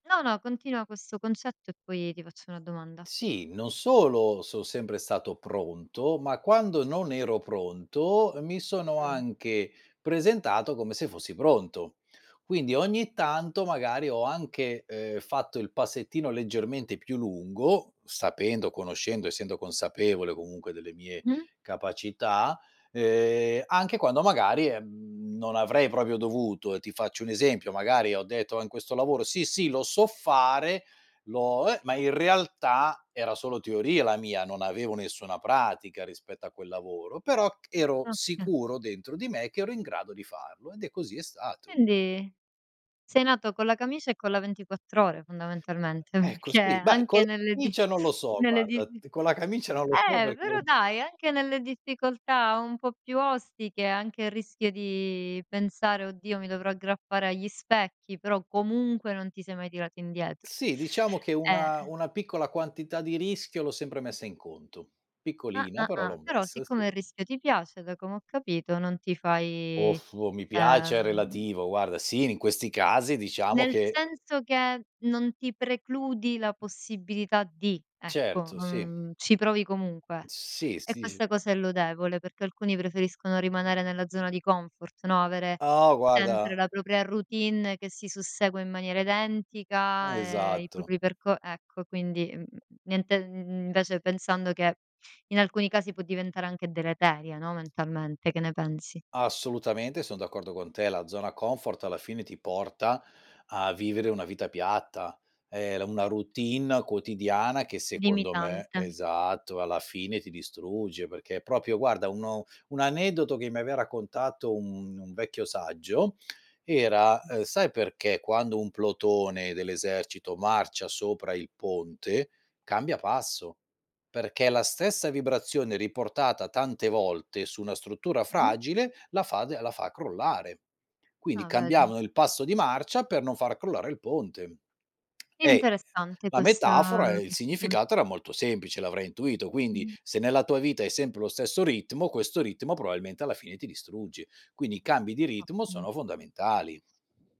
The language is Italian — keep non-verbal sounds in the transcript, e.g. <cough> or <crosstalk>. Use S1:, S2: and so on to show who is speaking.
S1: No, no, continua questo concetto e poi ti faccio una domanda.
S2: Sì, non solo so' sempre stato pronto, ma quando non ero pronto, uhm, mi sono
S1: Mh.
S2: anche presentato come se fossi pronto. Quindi ogni tanto magari ho anche, ehm, fatto il passettino leggermente più lungo sapendo, conoscendo, essendo consapevole comunque delle mie
S1: Mh?
S2: capacità, ehm, anche quando magari, ehm, non avrei proprio dovuto. Ti faccio un esempio, magari ho detto, ehm, in questo lavoro: "Sì, sì, lo so fare, lo eh" Ma in realtà era solo teoria la mia, non avevo nessuna pratica rispetto a quel lavoro, però c ero
S1: Oka
S2: sicuro dentro di me che ero in grado di farlo, ed è così è stato.
S1: Quindi sei nato con la camicia e con la ventriquattrore fondamentalmente,
S2: Ecco
S1: che
S2: sì, beh con
S1: anche
S2: la
S1: nelle di
S2: camicia non lo so
S1: nelle di
S2: guarda,
S1: di
S2: t con la camicia non lo so
S1: eh, però
S2: perché
S1: dai, anche nelle difficoltà un po' più ostiche, anche il rischio di pensare: "Oddio mi dovrò aggrappare agli specchi." Però comunque non ti sei mai tirato indietro.
S2: Sì, diciamo che
S1: Eh,
S2: una
S1: eh.
S2: una piccola quantità di rischio l'ho sempre messa in conto.
S1: Ah,
S2: Piccolina
S1: ah,
S2: però l'ho
S1: ah, però
S2: messa,
S1: siccome
S2: sì.
S1: il rischio ti piace, da come ho capito, non ti
S2: O
S1: fai,
S2: <lip trill> oh, mi piace è
S1: ehm
S2: relativo, guarda sì, in questi casi diciamo
S1: Nel
S2: che
S1: senso che non ti precludi la possibilità di, ecco,
S2: Certo, sì.
S1: mhmm, ci provi comunque.
S2: Sì,
S1: E
S2: sì, s
S1: questa cosa è lodevole, perché alcuni preferiscono rimanere nella zona di comfort, no avere
S2: Ah guarda
S1: sempre la propria routine che si sussegua in maniera identica e i
S2: Esatto.
S1: propri perco ecco quindi mhmm, niente invece pensando che in alcuni casi può diventare anche deleteria, no mentalmente, che ne pensi?
S2: Assolutamente son d'accordo con te. La zona comfort alla fine ti porta a vivere una vita piatta, ehm, la una routine quotidiana che secondo me
S1: Limitante.
S2: esatto, alla fine ti distrugge perché è proprio guarda uno un aneddoto che mi aveva raccontato un un vecchio saggio era,
S1: Mh.
S2: ehm: "Sai perché quando un plotone dell'esercito marcia sopra il ponte cambia passo? Perché la stessa vibrazione riportata tante volte su una struttura
S1: Mh-mh.
S2: fragile la fa de la fa crollare." Quindi
S1: Ah vedi.
S2: cambiavano il passo di marcia per non far crollare il ponte. Eh, <unintelligible>
S1: Interessante
S2: la
S1: questa
S2: metafora e il
S1: questa cosa.
S2: significato era molto semplice, l'avrai intuito, quindi:
S1: Mh.
S2: se nella tua vita hai sempre lo stesso ritmo, questo ritmo probabilmente alla fine ti distruggi. Quindi i cambi di ritmo
S1: Ottimo.
S2: sono fondamentali.